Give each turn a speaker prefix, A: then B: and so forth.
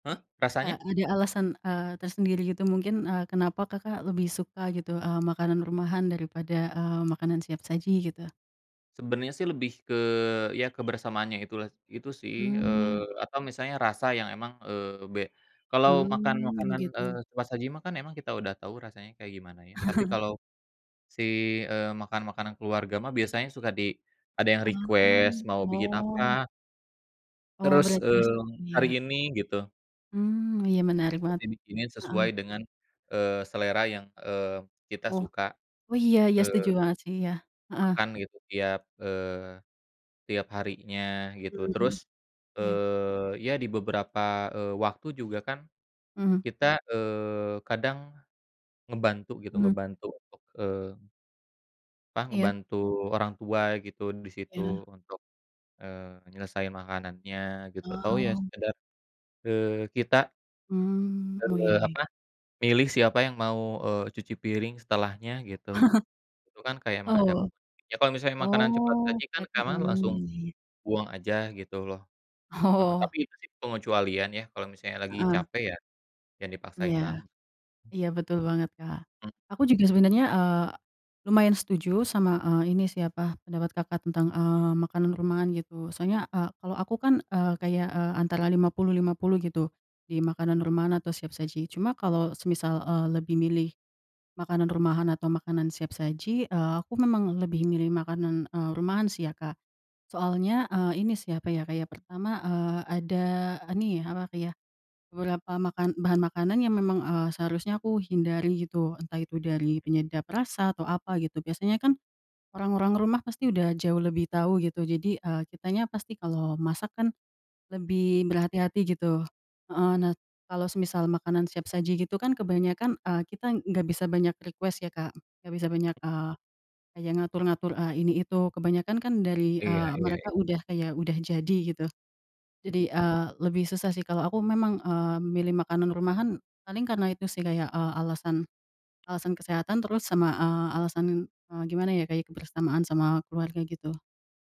A: Hah,
B: Eee,
A: rasanya?
B: ada alasan, eee, tersendiri gitu mungkin, eee, kenapa, Kakak, lebih suka gitu, eee, makanan rumahan daripada, eee, makanan siap saji gitu?
A: Sebenernya sih lebih ke ya kebersamaannya itulah itu sih
B: Mmm.
A: eee, apa misalnya rasa yang emang, eee, be kalau makan
B: Mmm,
A: makanan,
B: gitu.
A: eee, cepat saji mah kan emang kita udah tahu rasanya kayak gimana ya tapi kalau, si, eee, makan makanan keluarga mah biasanya suka di ada yang
B: Ah,
A: request mau bikin
B: oh.
A: apa.
B: Oh,
A: Terus,
B: berarti
A: eee,
B: [unintelligible]
A: hari
B: ya.
A: ini gitu.
B: Mmm, iya menarik
A: Buat
B: banget,
A: dibikinin
B: heeh.
A: sesuai dengan, eee, selera yang, eee, kita
B: Oh
A: suka,
B: oh iya ya setuju
A: eee
B: banget sih ya, heeh.
A: makan gitu tiap eee, tiap harinya gitu terus,
B: Mmm, iya.
A: eee, ya di beberapa, eee, waktu juga kan,
B: Mhm.
A: kita, eee, kadang, ngebantu gitu
B: Mmm.
A: ngebantu untuk, eee apa
B: Iya.
A: ngebantu orang tua gitu disitu
B: Ya.
A: untuk, eee, nyelesaiin makanannya gitu atau ya
B: Oh.
A: sekedar, eee, kita
B: Mmm, oh ya
A: eee,
B: ya.
A: apa, milih siapa yang mau, eee, cuci piring setelahnya gitu, tuh kan kayak emang ada
B: Oh,
A: momen ya kalau misalnya makanan cepat
B: oh
A: saji kan
B: berarti
A: karena langsung,
B: mmm, ya ya.
A: buang aja gitu loh, heeh,
B: Oh.
A: tapi itu sih pengecualian ya kalau misalnya lagi
B: Heeh.
A: capek ya, jangan dipaksain
B: Iya,
A: banget.
B: iya betul banget, Kak,
A: M
B: aku juga sebenernya, eee, lumayan setuju sama, eee, ini sih apa, pendapat, Kakak, tentang, eee, makanan rumahan gitu soalnya, eee, kalau aku kan, eee, kayak, eee, antara 50-50 gitu, di makanan rumahan atau siap saji cuma kalau semisal, eee, lebih milih, makanan rumahan atau makanan siap saji, eee, aku memang lebih milih makanan, eee, rumahan sih ya, Kak, soalnya, eee, ini sih apa ya, kayak pertama, eee, ada nih apa iya, beberapa makan bahan makanan yang memang, eee, seharusnya aku hindari gitu entah itu dari penyedap rasa atau apa gitu biasanya kan, orang-orang rumah pasti udah jauh lebih tahu gitu jadi, eee, kitanya pasti kalau masak kan, lebih berhati-hati gitu, heeh, nah kalau semisal makanan siap saji gitu kan kebanyakan, eee, kita gak bisa banyak request ya, Kak, gak bisa banyak, eee, kayak ngatur-ngatur, eee, ini itu kebanyakan kan dari,
A: Iya
B: eee,
A: iya ya.
B: mereka udah kayak udah jadi gitu, jadi,
A: Mhm.
B: eee, lebih susah sih kalau aku memang, eee, milih makanan rumahan paling karena itu sih kayak, eee, alasan alasan kesehatan terus sama, eee, alasan, eee, gimana ya kayak kebersamaan sama keluarga gitu.